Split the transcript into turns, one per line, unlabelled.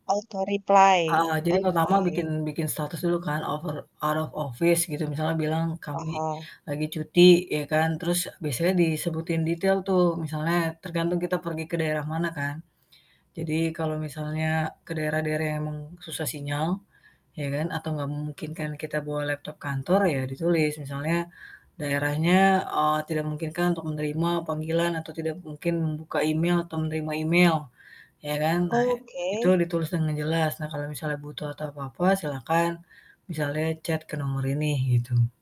Auto replay?
Eee jadi pertama bikin
Oke.
bikin status dulu kan out of out of office gitu, misalnya bilang, "Kami
Oh.
lagi cuti," ya kan. Terus biasanya disebutin detail tuh, misalnya tergantung kita pergi ke daerah mana kan. Jadi kalau misalnya ke daerah-daerah yang memang susah sinyal, ya kan atau gak memungkinkan kita bawa laptop kantor, ya ditulis misalnya, "Daerahnya, eee, tidak memungkinkan untuk menerima panggilan atau tidak mungkin membuka email atau menerima email," ya kan. Nah itu
Oke.
ditulis dengan jelas. "Nah, kalau misalnya butuh atau apa-apa silahkan misalnya chat ke nomor ini" gitu.